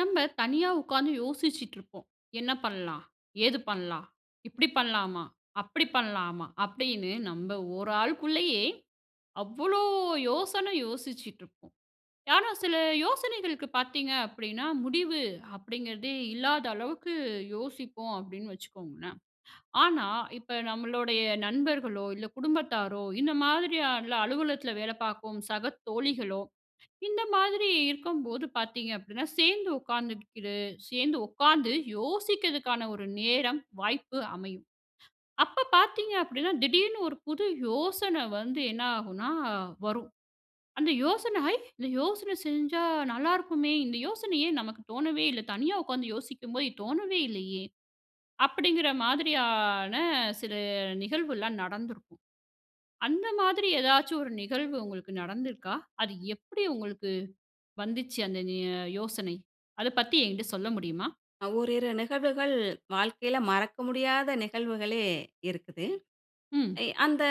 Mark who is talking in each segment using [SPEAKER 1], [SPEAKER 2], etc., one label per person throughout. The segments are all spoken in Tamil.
[SPEAKER 1] நம்ம தனியா உட்கார்ந்து யோசிச்சிட்டு இருப்போம். "என்ன பண்ணலாம், ஏது பண்ணலாம், இப்டி பண்ணலாமா, அப்டி பண்ணலாமா?" அப்டினு நம்ம ஒரு ஆளுக்குள்ளேயே அவ்ளோ யோசன யோசிச்சிட்டு இருப்போம். ஆனா, சில யோசனைகளுக்கு பாத்தீங்க, அப்டின்னா முடிவு, அப்படிங்கறதே இல்லாத அளவுக்கு யோசிப்போம் அப்டின்னு வச்சுக்கோங்களேன், ஆனா, இப்ப நம்மளுடைய நண்பர்களோ, இல்ல குடும்பத்தாரோ இந்த மாதிரியான, அலுவலகத்துல வேல பார்க்கும் சக தோழிகளோ, இந்த மாதிரி இருக்கும்போது பாத்தீங்க அப்டின்னா, சேர்ந்து உட்கார்ந்துக்கிறது சேர்ந்து உட்காந்து யோசிக்கிறதுக்கான ஒரு நேரம், வாய்ப்பு அமையும். அப்ப பார்த்தீங்க அப்படினா திடீர்னு ஒரு புது யோசனை வந்து என்ன ஆகுன்னா வரும். அந்த யோசன வை "இந்த யோசனை செஞ்சா நல்லா இருக்குமே, இந்த யோசனை ஏன் நமக்கு தோனவே இல்ல, தனியா உட்கார்ந்து யோசிக்கும் போது தோனவே இல்லையே" அப்டின்கிற மாதிரியான சில நிகழ்வுல்லாம் நடந்திருக்கும். அந்த மாதிரி ஏதாச்சு ஒரு நிகழ்வு உங்களுக்கு நடந்திருக்கா? அது எப்டி உங்களுக்கு வந்துச்சு, அந்த ய யோசனை? அத பத்தி என்கிட்ட சொல்ல முடியுமா?
[SPEAKER 2] அ ஓரிரு நிகழ்வுகள் வாழ்க்கையில மறக்க முடியாத நிகழ்வுகளே இருக்குது.
[SPEAKER 1] ம்.
[SPEAKER 2] எ அந்த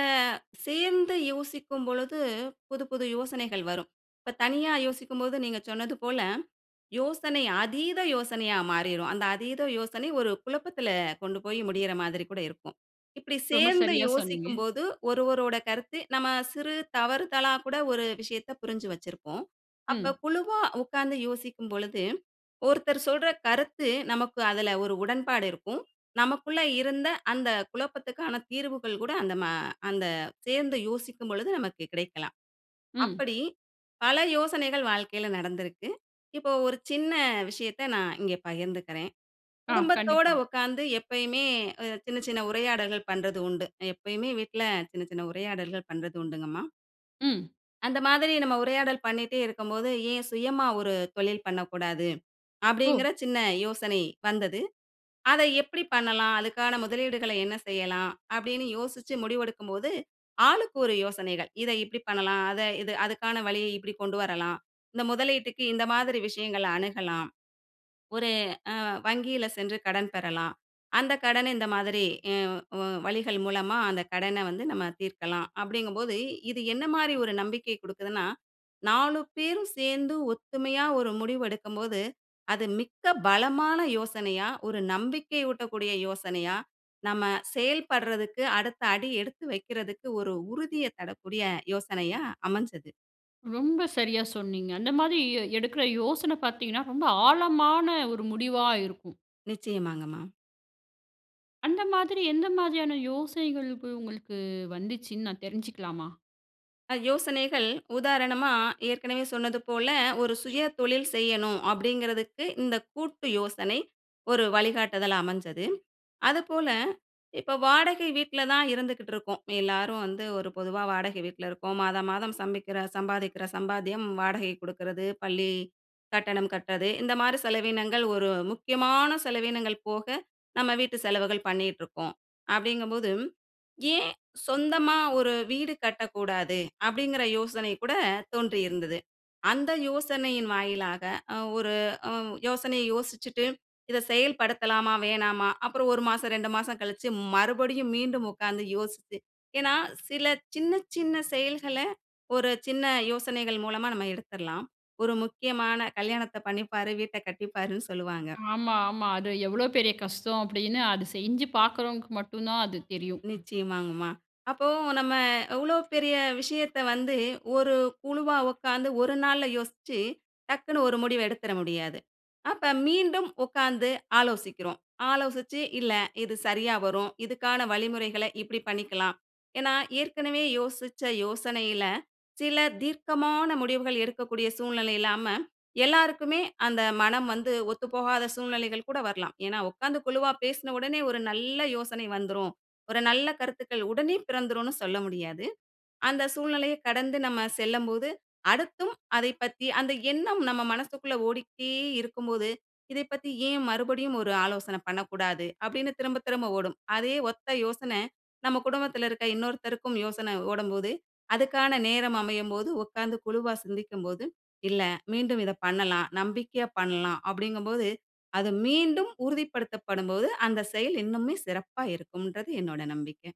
[SPEAKER 2] சேர்ந்து யோசிக்கும் பொழுது, புது புது யோசனைகள் வரும். இப்ப தனியா யோசிக்கும்போது நீங்க சொன்னது போல, யோசனை அதீத யோசனையா மாறிரும். அந்த அதீத யோசனை ஒரு குழப்பத்துல கொண்டு போய் முடியற மாரி கூட இருக்கும். இப்டி
[SPEAKER 1] ரொம்ப
[SPEAKER 2] சேர்ந்து
[SPEAKER 1] சரியா சொன்னீங்க.
[SPEAKER 2] யோசிக்கும்போது ஒருவரோட கருத்து நம்ம சிறு தவறுதலா கூட ஒரு விஷயத்த புரிஞ்சு வச்சிருப்போம். அப்ப
[SPEAKER 1] ம்.
[SPEAKER 2] குழுவா உட்கார்ந்து யோசிக்கும்பொழுது, ஒருத்தர் சொல்ற கருத்து நமக்கு அதுல ஒரு உடன்பாடு இருக்கும். நமக்குள்ள இருந்த அந்த குழப்பத்துக்கான தீர்வுகள் கூட அந்த ம அந்த சேர்ந்து யோசிக்கும்பொழுது நமக்கு கிடைக்கலாம்.
[SPEAKER 1] ம்.
[SPEAKER 2] அப்படி பல யோசனைகள் வாழ்க்கையில நடந்திருக்கு. இப்போ ஒரு சின்ன விஷயத்த நான் இங்க பகிர்ந்துக்கிறேன்.
[SPEAKER 1] ஆ,
[SPEAKER 2] குடும்பத்தோட
[SPEAKER 1] கண்டிப்பா.
[SPEAKER 2] உட்கார்ந்து எப்பையுமே சின்ன, சின்ன உரையாடல்கள் பண்றது உண்டு. எப்பையுமே வீட்ல சின்ன சின்ன உரையாடல்கள் பண்றது உண்டுங்கம்மா.
[SPEAKER 1] ம்.
[SPEAKER 2] அந்த மாதிரி நம்ப உரையாடல் பண்ணிட்டே இருக்கும்போது, "ஏன் சுயமா ஒரு தொழில் பண்ணக்கூடாது!"
[SPEAKER 1] ஓ.
[SPEAKER 2] அப்டீங்குற சின்ன யோசனை வந்தது. அத எப்படி பண்ணலாம், அதுக்கான முதலீடுகளை என்ன செய்யலாம்? அப்டீன்னு யோசிச்சி முடிவெடுக்கும்போது, ஆளுக்கு ஒரு யோசனைகள். இத இப்படி பண்ணலாம். அத இது அதுக்கான வழிய இப்படி கொண்டு வரலாம். இந்த முதலீட்டுக்கு இந்த மாதிரி விஷயங்கள அணுகலாம். ஒரு அ வங்கியில சென்று கடன் பெறலாம். அந்த கடன இந்த மாரி இ உ வழிகள் மூலமா அந்த கடன வந்து நம்ப தீர்க்கலாம். அப்படிங்கும்போது இது என்ன மாரி ஒரு நம்பிக்கை கொடுக்குதுன்னா, நாலு பேரும் சேர்ந்து ஒத்துமையா ஒரு முடிவு எடுக்கும்போது, அது மிக்க பலமான யோசனையா, ஒரு நம்பிக்கை ஊட்டக்கூடிய யோசனையா, நம்ம செயல்படுறதுக்கு அடுத்த அடி எடுத்து வைக்குறதுக்கு ஒரு உறுதிய தரக்கூடிய யோசனையா அமைஞ்சது.
[SPEAKER 1] ரொம்ப சரியா சொன்னீங்க. அந்த மாதிரி எ எடுக்குற யோசனை பாத்தீங்கன்னா, ரொம்ப ஆழமான ஒரு முடிவா இருக்கும்.
[SPEAKER 2] நிச்சயமாங்க மா.
[SPEAKER 1] அந்த மாதிரி எந்த மாதிரியான யோசனைகளுக்கு உங்களுக்கு வந்துச்சுன்னு நான் தெரிஞ்சுக்கலாமா!
[SPEAKER 2] அ யோசனைகள் உதாரணமா ஏற்கனவே சொன்னது போல ஒரு சுய தொழில் செய்யணும் அப்படிங்குறதுக்கு, இந்த கூட்டு யோசனை ஒரு வழிகாட்டுதலா அமைஞ்சது. அதுப்போல இப்ப வாடகை வீட்ல தான் இருந்துக்கிட்டிருக்கோம். எல்லாரும் வந்து ஒரு பொதுவா வாடகை வீட்ல இருக்கோம். மாதம் மாதம் சமைக்குற சம்பாதிக்குற சம்பாத்தியம் வாடகை கொடுக்குறது, பள்ளி கட்டணம் கட்டுறது. இந்த மாதிரி செலவீனங்கள், ஒரு முக்கியமான செலவீனங்கள் போக நம்ப வீட்டு செலவுகள் பண்ணிகிட்டுருக்கோம் அப்படிங்கும்போது, ஏன் சொந்தமா ஒரு வீடு கட்டக்கூடாது? அப்படீங்குற யோசனை கூட தோன்றியிருந்தது. அந்த யோசனையின் வாயிலாக அ ஒரு அ யோசனையை யோசிச்சிட்டு இத செயல்படுத்தலாமா? வேணாமா? அப்புறம் 1 மாசம், 2 மாசம் கழிச்சி மறுபடியும் மீண்டும் உட்கார்ந்து யோசிச்சி, ஏன்னா சில சின்ன சின்ன செயல்கள, ஒரு சின்ன யோசனைகள் மூலமா நம்ப எடுத்துடலாம். ஒரு முக்கியமான கல்யாணத்த பண்ணிப்பாரு, வீட்ட கட்டிப்பாருன்னு சொல்லுவாங்க.
[SPEAKER 1] ஆமா ஆமா. அது எவ்வளோ பெரிய கஷ்டம் அப்படின்னு அது செஞ்சு பாக்குறவங்களுக்கு மட்டும் தான் அது தெரியும்.
[SPEAKER 2] நிச்சயமாங்க மா. அப்போ நம்ம எவ்ளோ பெரிய விஷயத்த வந்து ஒரு குழுவா உட்கார்ந்து ஒரு நாள்ல யோசிச்சு, டக்குனு ஒரு முடிவு எடுத்துற முடியாது. அப்ப மீண்டும் உட்கார்ந்து ஆலோசிக்கிறோம். ஆலோசிச்சு, இல்ல இது சரியா வரும், இதுக்கான வழிமுறைகள இப்படி பண்ணிக்கலாம். ஏன்னா ஏற்கனவே யோசிச்ச யோசனையில சில தீர்க்கமான முடிவுகள் எடுக்கக்கூடிய சூழ்நிலை இல்லாம, எல்லோருக்குமே அந்த மனம் வந்து ஒத்துப்போகாத சூழ்நிலைகள் கூட வரலாம். ஏன்னா உட்கார்ந்து குழுவா பேசுன ஒடனே ஒரு நல்ல யோசனை வந்துரும். ஒரு நல்ல கருத்துக்கள் உடனே பிறந்துடும்னு சொல்ல முடியாது. அந்த சூழ்நிலையை கடந்து நம்ம சொல்லம்போது, அடுத்தும் அதை பற்றி அந்த எண்ணம் நம்ம மனசுக்குள்ள ஓடிக்கிட்டே இருக்கும்போது, இதைப் பத்தி ஏன் மறுபடியும் ஒரு ஆலோசனை பண்ணக்கூடாது அப்படின்னு திரும்ப திரும்ப ஓடும். அதே ஒத்த யோசனை, நம்ம குடும்பத்துல இருக்கிற இன்னொருத்தருக்கும் யோசனை ஓடும்போது, அதுக்கான நேரம் அமையும்போது உட்கார்ந்து குழுவா சிந்திக்கும்போது, இல்ல மீண்டும் இத பண்ணலாம், நம்பிக்கையா பண்ணலாம், அப்படிங்கும்போது அது மீண்டும் உறுதிப்படுத்தப்படும்போது அந்த செயல் இன்னுமே சிறப்பாக இருக்கும்ன்றது என்னோட நம்பிக்க.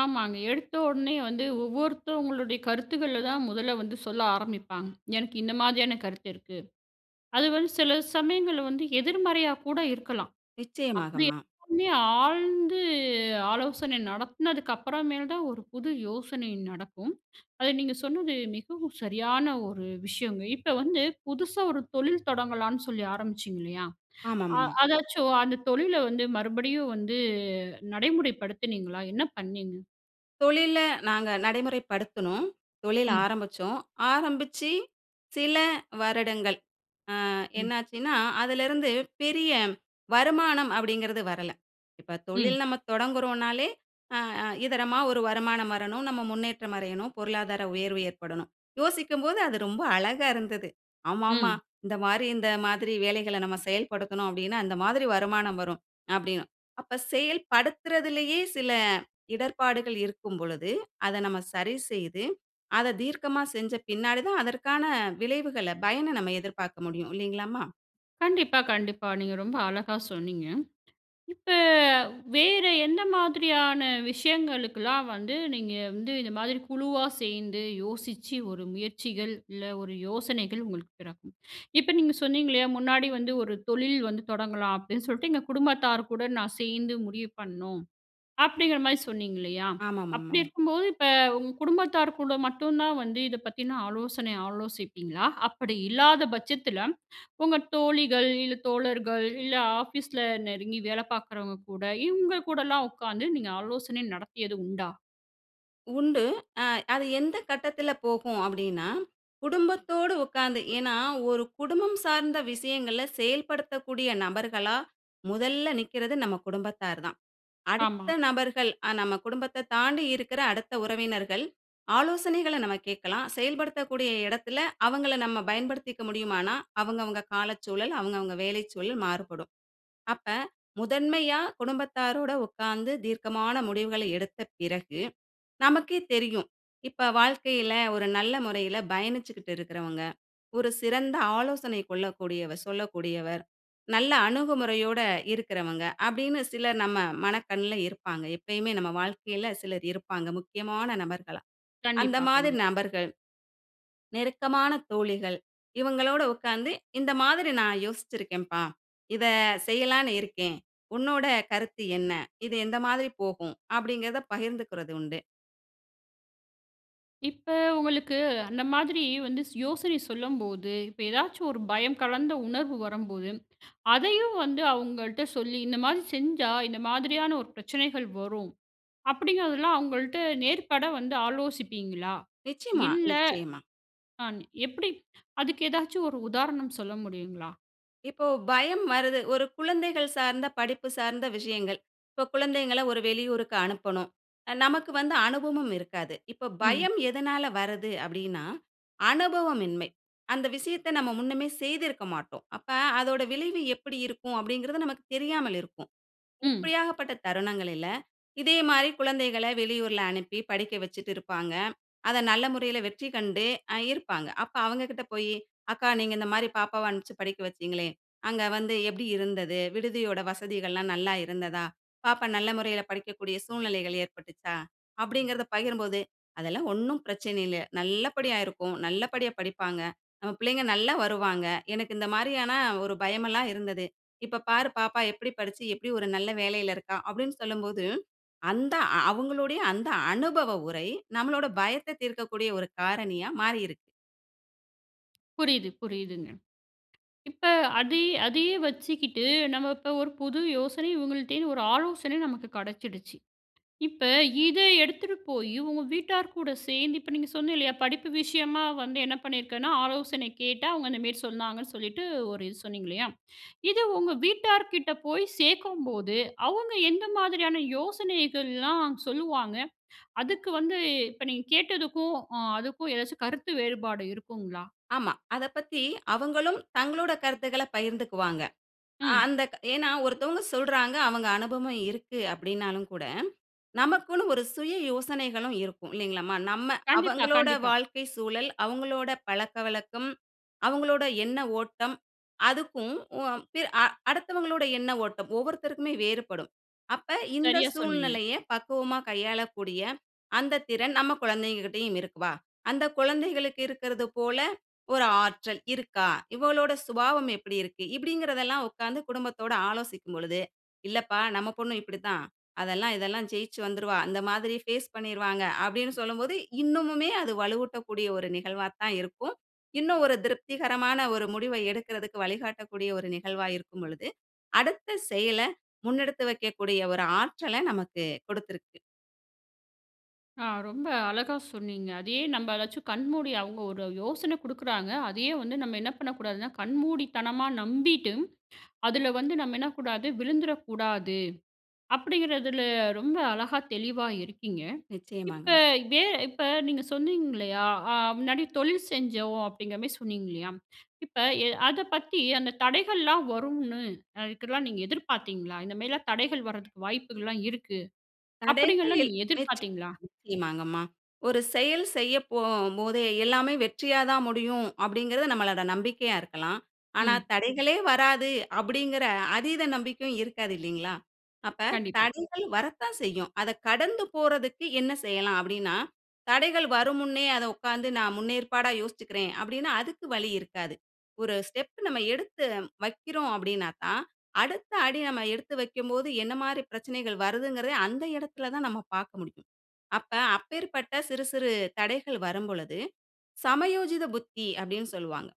[SPEAKER 1] ஆமாங்க. எடுத்த உடனே வந்து ஒவ்வொருத்தவங்களுடைய கருத்துக்கள்ல தான் முதல்ல வந்து சொல்ல ஆரமிப்பாங்க. எனக்கு இந்த மாதிரியான கருத்து இருக்கு. அது வந்து சில சமயங்கள்ல வந்து எதிர்மறையா கூட இருக்கலாம். அப்டி
[SPEAKER 2] நிச்சயமாகம்மா.
[SPEAKER 1] எல்லாமே ஆழ்ந்து ஆலோசனை நடத்துனதுக்கு அப்பறமேல் தான் ஒரு புது யோசனை நடக்கும். அத நீங்க சொன்னது மிகவும் சரியான ஒரு விஷயங்க. இப்ப வந்து, புதுசா ஒரு தொழில் தொடங்கலான்னு சொல்லி ஆரமிச்சிங்க இல்லயா? அ,
[SPEAKER 2] ஆமாங்கம்மா.
[SPEAKER 1] அதாச்சும் அந்த தொழில வந்து, மறுபடியும் வந்து நடைமுறைப்படுத்துனீங்களா? என்ன பண்ணீங்க?
[SPEAKER 2] தொழில்ல நாங்க நடைமுறைப்படுத்துனோம். தொழில்
[SPEAKER 1] ம்.
[SPEAKER 2] ஆரமிச்சோம். ஆரம்பிச்சு சில வருடங்கள் அ
[SPEAKER 1] ம்.
[SPEAKER 2] என்னாச்சுன்னா, அதுலிருந்து பெரிய வருமானம் அப்டீங்குறது வரல. இப்ப
[SPEAKER 1] ம்.
[SPEAKER 2] தொழில் நம்ம தொடங்குறோம்னாலே அ, அ இதரமா ஒரு வருமானம் வரணும். நம்ப முன்னேற்றம் அடையணும் பொருளாதார உயர்வு ஏற்படணும். யோசிக்கும்போது அது ரொம்ப அழகா இருந்தது. ஆமா, ஆமா
[SPEAKER 1] ம்.
[SPEAKER 2] இந்த மாரி இந்த மாதிரி வேலைகள்ல நம்ப செயல்படுத்தனும் அப்டீன்னா, அந்த மாதிரி வருமானம் வரும் அப்டீன்னு. அப்ப செயல்படுத்துறதுலேயே சில இடர்பாடுகள் இருக்கும் பொழுது, அத நம்ம சரி செய்து, அத தீர்க்கமா செஞ்ச பின்னாடி தான் அதற்கான விளைவுகள்ல பயன நம்ம எதிர்பார்க்க முடியும் இல்லைங்களாம்மா?
[SPEAKER 1] கண்டிப்பா, கண்டிப்பா. நீங்க ரொம்ப அழகா சொன்னீங்க. இப்ப வேற எந்த மாதிரியான விஷயங்களுக்குலாம் வந்து, நீங்க வந்து இந்த மாதிரி குழுவா சேர்ந்து யோசிச்சு, ஒரு முயற்சிகள், இல்ல ஒரு யோசனைகள் உங்களுக்கு பிறக்கும். இப்ப நீங்க சொன்னீங்கலயா, முன்னாடி வந்து ஒரு தொழில் வந்து தொடங்கலாம் அப்டின்னு சொல்ட்டு எங்க குடும்பத்தார் கூட நான் சேர்ந்து முடிவு பண்ணோம். அப்டிங்கிற மாரி சொன்னீங்க இல்லயா? அப்டி
[SPEAKER 2] ஆமாமாமா.
[SPEAKER 1] இருக்கும்போது இப்ப உங்க குடும்பத்தார் கூட மட்டும் தான் வந்து இத பத்தின ஆலோசனை ஆலோசிப்பீங்களா? அப்டி இல்லாத பட்சத்துல உங்க தோழிகள், இல்ல தோழர்கள், இல்ல ஆபீஸ்ல நெருங்கி வேல பார்க்றவங்க கூட, இவங்க கூடலாம் உட்கார்ந்து நீங்க ஆலோசனை நடத்தியது உண்டா?
[SPEAKER 2] உண்டு. அ அது எந்த கட்டத்துல போகும் அப்டின்னா, குடும்பத்தோடு உட்கார்ந்து, ஏன்னா ஒரு குடும்பம் சார்ந்த விஷயங்கள செயல்படுத்தக்கூடிய நபர்களா, முதல்ல நிக்கிறது நம்ம குடும்பத்தார் தான்.
[SPEAKER 1] ஆமா.
[SPEAKER 2] அடுத்த நபர்கள், அ நம்ம குடும்பத்த தாண்டி இருக்கிற அடுத்த உறவினர்கள், ஆலோசனைகள நம்ம கேட்கலாம். செயல்படுத்தக்கூடிய எடத்துல அவங்கள நம்ம பயன்படுத்திக்க முடியுமானா, அவங்க அவங்க காலச் சூழல், அவங்க அவங்க வேலைச் சூழல் மாறுபடும். அப்ப, முதன்மையா குடும்பத்தாரோட உட்கார்ந்து தீர்க்கமான முடிவுகள எடுத்த பிறகு, நமக்கே தெரியும் இப்ப வாழ்க்கைல ஒரு நல்ல முறையில பயணிச்சிட்டு இருக்கிறவங்க. ஒரு சிறந்த ஆலோசனை கொள்ளக்கூடியவ சொல்லக்கூடியவர். நல்லா அணுகுமுறையோட இருக்றவங்க. அப்டின்னு சிலர் நம்ம மனக்கண்ல இருப்பாங்க. எப்பயுமே நம்ம வாழ்க்கைல சிலர் இருப்பாங்க முக்கியமான நபர்களா. அந்த
[SPEAKER 1] கண்டிப்பா,
[SPEAKER 2] மாதிரி
[SPEAKER 1] கண்டிப்பா.
[SPEAKER 2] நபர்கள், நெருக்கமான தோழிகள், இவங்களோட உட்கார்ந்து இந்த மாதிரி நான் யோசிச்சிருக்கேன்ப்பா, இத செய்யலான்னு இருக்கேன். உன்னோட கருத்து என்ன? இது எந்த மாதிரி போகும்? அப்டிங்கிறத பகிர்ந்துக்கிறது உண்டு.
[SPEAKER 1] இப்ப உங்களுக்கு அந்த மாதிரி வந்து யோசனை சொல்லும்போது, இப்ப ஏதாவது ஒரு பயம் கலந்த உணர்வு வரும்போது, அதையும் வந்து அவங்கள்ட்ட சொல்லி இந்த மாதிரி செஞ்சா, இந்த மாதிரியான ஒரு பிரச்சனைகள் வரும். அப்டீங்குறதெல்லாம் அவங்கள்ட்ட நேர்பட வந்து ஆலோசிப்பீங்களா?
[SPEAKER 2] நிச்சயமா,
[SPEAKER 1] இல்ல,
[SPEAKER 2] நிச்சயமா.
[SPEAKER 1] ஆ எப்படி அதுக்கு ஏதாச்சும் ஒரு உதாரணம் சொல்ல முடியுங்களா?
[SPEAKER 2] இப்போ பயம் வருது, ஒரு குழந்தைகள் சார்ந்த படிப்பு சார்ந்த விஷயங்கள். இப்ப குழந்தைகள்ல ஒரு வெளியூருக்கு அனுப்பணும். நமக்கு வந்து அனுபவமும் இருக்காது. இப்போ
[SPEAKER 1] ம்.
[SPEAKER 2] பயம் எதனால வருது அப்டீன்னா, அனுபவமின்மை, அந்த விஷயத்த நம்ப முன்னமே செய்திருக்க மாட்டோம். அப்ப அதனுடைய விளைவு எப்படி இருக்கும். அப்டீங்குறது நமக்கு தெரியாமல் இருக்கும்.
[SPEAKER 1] ம்.
[SPEAKER 2] இப்படியாகப்பட்ட தருணங்களில இதே மாதிரி குழந்தைகள்ல வெளியூரில அனுப்பி படிக்க வச்சிட்டு இருப்பாங்க. அத நல்ல முறையில வெற்றி கண்டு இருப்பாங்க. அப்போ அவங்ககிட்ட போயி, "அக்கா நீங்க இந்த மாதிரி பாப்பாவ அனுப்பிச்சி படிக்க வச்சிங்களே, அங்கே வந்து எப்படி இருந்தது? விடுதியோட வசதிகள்ல்லாம் நல்லா இருந்ததா? பாப்பா நல்ல முறையில படிக்கக்கூடிய சூழ்நிலைகள் ஏற்பட்டுச்சா?" அப்டீங்குறத பகிரும்போது, "அதெல்லாம் ஒண்ணும் பிரச்சனை இல்ல. நல்லபடியா இருக்கும், நல்லபடியா படிப்பாங்க. நம்ம பிள்ளைங்க நல்லா வருவாங்க. எனக்கு இந்த மாதிரியான ஒரு பயம் எல்லாம் இருந்தது. இப்ப பார், பாப்பா எப்படி படிச்சு, எப்படி ஒரு நல்ல வேலையில இருக்கா?" அப்டீன்னு சொல்லும்போது, அந்த அவங்களுடைய அந்த அனுபவ உரை, நம்பளோட பயத்த தீர்க்கக்கூடிய ஒரு காரணியா மாறி இருக்கு.
[SPEAKER 1] புரியிது, புரியிதுங்க. இப்ப அதே அதே வச்சுக்கிட்டு, நம்ம இப்ப ஒரு புது யோசனை இவங்கள்ட இருந்து ஒரு ஆலோசனை நமக்கு கடச்சிடுச்சு. இப்ப இத எடுத்துட்டு போய், உங்க வீட்டார் கூட சேர்ந்து இப்ப நீங்க சொன்னீங்க இல்லயா, படிப்பு விஷயமா வந்து என்ன பண்ணிருக்கேன்னா, ஆலோசனை கேட்டா அவங்க இந்த மேரி சொன்னாங்கன்னு சொல்லிட்டு, ஒரு இது சொன்னீங்கலயா. இது உங்க வீட்டார் கிட்ட போய் சேர்க்கும்போது, அவங்க எந்த மாதிரியான யோசனைகள்லாம் சொல்லுவாங்க. அதுக்கு வந்து இப்ப நீங்க கேட்டதுக்கும், அ அதுக்கும் எதாச்சு கருத்து வேறுபாடு இருக்குங்களா?
[SPEAKER 2] ஆமா. அத பத்தி அவங்களும் தங்களோட கருத்துக்கள பகிர்ந்துக்குவாங்க. அ
[SPEAKER 1] ம்.
[SPEAKER 2] அந்த ஏன்னா ஒருத்தவங்க சொல்றாங்க அவங்க அனுபவம் இருக்கு அப்டின்னாலும் கூட, நமக்குன்னு ஒரு சுய யோசனைகளும் இருக்கும் இல்லைங்களாம்மா. நம்ம
[SPEAKER 1] கண்டிப்பா,
[SPEAKER 2] அவங்களோட
[SPEAKER 1] கண்டிப்பா.
[SPEAKER 2] வாழ்க்கை சூழல், அவங்களோட பழக்கவழக்கம், அவங்களோட எண்ண ஓட்டம் அதுக்கும் உ அ பி அ அடுத்தவங்களோட எண்ண ஓட்டம், ஒவ்வொருத்தருக்குமே வேறுபடும். அப்ப இந்த
[SPEAKER 1] சரியா சொன்னீங்க.
[SPEAKER 2] சூழ்நிலைய பக்குவமா கையாளக்கூடிய, அந்த திறன் நம்ம கொழந்தைகிட்டயும் இருக்குப்பா. அந்த குழந்தைகளுக்கு இருக்றது போல, ஒரு ஆற்றல் இருக்கா? இவளோட சுபாவம் எப்டி இருக்கு? இப்டிங்கறதெல்லாம் உட்கார்ந்து குடும்பத்தோட ஆலோசிக்கும் பொழுது, 'இல்லப்பா நம்ம பொண்ணு இப்டி தான். அதெல்லாம் இதெல்லாம் ஜெயிச்சு வந்துருவா. இந்த மாதிரி ஃபேஸ் பண்ணிருவாங்க.' அப்டின்னு சொல்லும்போது இன்னமுமே அது வலுவூட்டக்கூடிய ஒரு நிகழ்வா தான் இருக்கும். இன்னும் ஒரு திருப்திகரமான ஒரு முடிவை எடுக்குறதுக்கு வழிகாட்டக்கூடிய ஒரு நிகழ்வா இருக்கும்பொழுது, அடுத்த செயல முன்னெடுத்து வைக்கக்கூடிய ஒரு ஆற்றல நமக்கு குடுத்துருக்கு.
[SPEAKER 1] ஆ ரொம்ப அழகா சொன்னீங்க. அதேயே நம்ம ஏதாச்சும் கண்மூடி அவுங்க ஒரு யோசனை கொடுக்குறாங்க அதேயே வந்து நம்ம என்ன பண்ணக் கூடாதுனா, கண்மூடித்தனமா நம்பிட்டு அதில வந்து நம்ம என்னக்கூடாது விழுந்துறக்கூடாது. அப்பிடிங்கிறதில ரொம்ப அழகா தெளிவா இருக்கீங்க. இப்ப
[SPEAKER 2] நிச்சயமாங்க.
[SPEAKER 1] வே இப்ப நீங்க சொன்னீங்கல்லயா, ஆ முன்னாடி தொழில் செஞ்சோம் அப்பிடிங்கிறமாரி சொன்னீங்க இல்லயா, இப்ப எ அத பத்தி அந்த தடைகள்லாம் வரும்னு அதுக்குல்லாம் நீங்க எதிர்பார்த்தீங்களா? இந்தமாரிலாம் தடைகள் வரதுக்கு வாய்ப்புகள்லாம் இருக்கு. அப்பிடிங்கல்லாம்
[SPEAKER 2] கடைசியில்
[SPEAKER 1] நீங்க
[SPEAKER 2] [unintelligible]
[SPEAKER 1] எதிர்பார்த்தீங்களா?
[SPEAKER 2] நிச்சயமாங்கம்மா. ஒரு செயல் செய்ய போகும்போதே எல்லாமே வெற்றியா தான் முடியும். அப்பிடிங்கிறது நம்மளோட நம்பிக்கையா இருக்கலாம். ஆனா,
[SPEAKER 1] ம்.
[SPEAKER 2] தடைகளே வராது அப்பிடிங்கிற அதீத நம்பிக்கையும் இருக்காது இல்லீங்களா! அப்ப
[SPEAKER 1] கண்டிப்பா.
[SPEAKER 2] தடைகள் வரத்தான் செய்யும். அத கடந்து போறதுக்கு என்ன செய்யலாம்? அப்பிடின்னா தடைகள் வரும் முன்னே அத உட்கார்ந்து நான் முன்னேற்பாடா யோசிச்சுக்கிறேன் அப்பிடின்னா அதுக்கு வழி இருக்காது. ஒரு ஸ்டெப் நம்ம எடுத்து வைக்கிறோம் அப்பிடினாக்கா, அடுத்த அடி நம்ம எடுத்து வைக்கும்போது என்னமாரி பிரச்சனைகள் வருதுங்கிறதையும் அந்த இடத்தில தான் நம்ம பார்க்க முடியும். அப்ப அப்பேற்பட்ட சிறு சிறு தடைகள் வரும்பொழுது, 'சமயோசித புத்தி' அப்பிடின்னு சொல்லுவாங்க.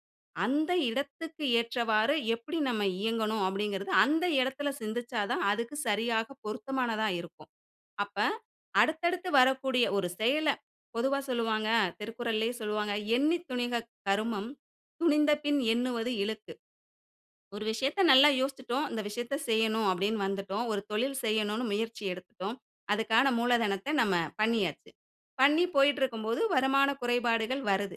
[SPEAKER 2] அந்த இடத்துக்கு ஏற்றவாறு எப்பிடி நாம் இயங்கணும் அப்பிடிங்கிறது அந்த இடத்தில சிந்தித்தா தான் அதுக்கு சரியாக பொருத்தமானதா இருக்கும். அப்ப அடுத்தடுத்து வரக்கூடிய ஒரு செயல பொதுவா சொல்லுவாங்க. திருக்குறள்லே சொல்லுவாங்க "எண்ணித் துணிக கருமம் துணிந்தபின் எண்ணுவது இழுக்கு." ஒரு விஷயத்த நல்லா யோசித்துட்டோம். இந்த விஷயத்த செய்யணும் அப்பிடின்னு வந்துட்டோம். ஒரு தொழில் செய்யணுனு முயற்சி எடுத்துட்டோம். அதுக்கான மூலதனத்த நம்ம பண்ணியாச்சு. பண்ணி போயிட்டு இருக்கும்போது வருமான குறைபாடுகள் வருது.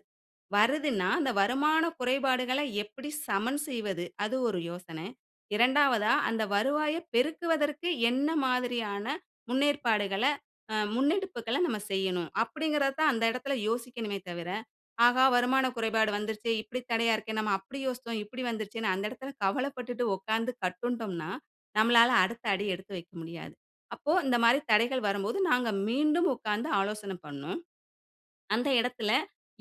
[SPEAKER 2] வருதுன்னா, அந்த வருமான குறைபாடுகளை எப்பிடி சமன் செய்வது அது ஒரு யோசனை. 2 வதா அந்த வருவாய பெருக்குவதற்கு என்ன மாதிரியான முன்னேற்பாடுகள அ முன்னெடுப்புகள நம்ம செய்யணும். அப்பிடிங்கிறத தான் அந்த இடத்தில யோசிக்கணுமே தவிர, ஆஹா! வருமான குறைபாடு வந்துருச்சே இப்பிடி தடையா இருக்கேன்னு நம்ம அப்பிடி யோசித்தோம். இப்பிடி வந்துருச்சேன்னு அந்த இடத்தில கவலப்பட்டுட்டு உட்கார்ந்து கட்டுண்டோம்ன்னா, நம்மளால அடுத்த அடி எடுத்து வைக்க முடியாது. அப்போ இந்த மாரி தடைகள் வரும்போது நாங்க மீண்டும் உட்கார்ந்து ஆலோசனை பண்ணோம். "அந்த இடத்தில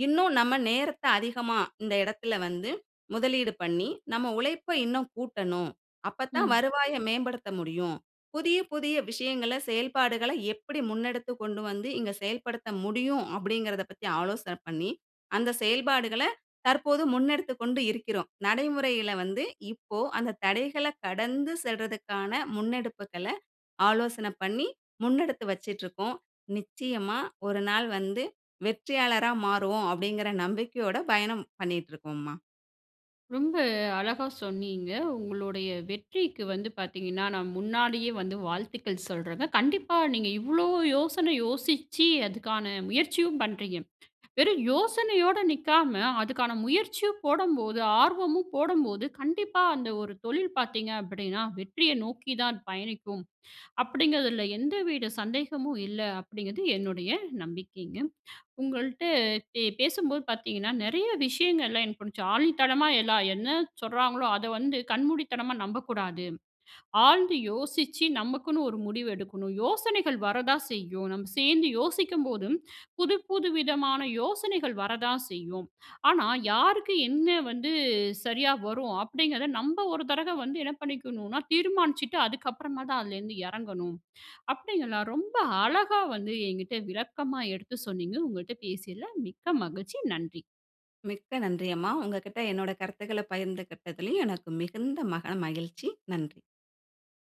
[SPEAKER 2] இன்னும் நம்ம நேரத்த அதிகமா இந்த இடத்தில வந்து முதலீடு பண்ணி, நம்ம உழைப்ப இன்னும் கூட்டணும். அப்ப தான்
[SPEAKER 1] ம்.
[SPEAKER 2] வருவாய மேம்படுத்த முடியும். புதிய, புதிய விஷயங்கள செயல்பாடுகள எப்பிடி முன்னெடுத்து கொண்டுவந்து இங்கு செயல்படுத்த முடியும்" அப்பிடிங்கிறதப் பத்தி ஆலோசனை பண்ணி அந்த செயல்பாடுகள தற்போது முன்னெடுத்துக் கொண்டு இருக்கிறோம். நடைமுறையில வந்து இப்போ அந்த தடைகள கடந்து செல்றதுக்கான முன்னெடுப்புகள ஆலோசன பண்ணி முன்னெடுத்து வச்சிட்டுருக்கோம். நிச்சயமா ஒரு நாள் வந்து வெற்றியாளரா மாறுவோம் அப்பிடிங்கிற நம்பிக்கையோட பயணம் பண்ணிட்டு இருக்கோம்மா.
[SPEAKER 1] ரொம்ப அழகா சொன்னீங்க. உங்களுடைய வெற்றிக்கு வந்து பாத்தீங்கன்னா, நான் முன்னாடியே வந்து வாழ்த்துக்கள் சொல்லுறேங்க. கண்டிப்பா நீங்க இவ்வளவு யோசனை யோசிச்சு அதுக்கான முயற்சியும் பண்ணுறீங்க. வெறும் யோசனையோடு நிக்காம, அதுக்கான முயற்சியும் போடம்போது ஆர்வமும் போடம்போது, கண்டிப்பா அந்த ஒரு தொழில் பாத்தீங்க அப்டீன்னா, வெற்றிய நோக்கி தான் பயணிக்கும். அப்டீங்குறதுல எந்தவித சந்தேகமும் இல்ல. அப்டீங்குறது என்னுடைய நம்பிக்கைங்க. உங்கள்ட்ட பே பேசும்போது பாத்தீங்கன்னா, நெறைய விஷயங்கள்லாம் எனக்கு புடிச்ச ஆணித்தனமா எல்லாம் என்ன சொல்லுறாங்களோ, அத வந்து கண்மூடித்தனமா நம்பக்கூடாது. ஆழ்ந்து யோசிச்சி நமக்குன்னு ஒரு முடிவு எடுக்கணும். யோசனைகள் வர தான் செய்யும் நம்ப சேர்ந்து யோசிக்கும்போதும், புது புது விதமான யோசனைகள் வரதான் செய்யும். ஆனா, யாருக்கு என்ன வந்து சரியா வரும் அப்டீங்குறத நம்ப ஒரு தடவ வந்து என்ன பண்ணிக்கணும்னா, தீர்மானிச்சுட்டு அதுக்கப்புறமா தான் அதுலேருந்து எறங்கணும். அப்டீங்களா ரொம்ப அழகா வந்து என்கிட்ட விளக்கமா எடுத்து சொன்னீங்க. உங்கள்ட்ட பேசியதுல மிக்க மகிழ்ச்சி நன்றி.
[SPEAKER 2] மிக்க நன்றி அம்மா. உங்கள்கிட்ட என்னோட கருத்துக்கள்ல பகிர்ந்துகிட்டதுல எனக்கு மிகுந்த மன மகிழ்ச்சி. நன்றி.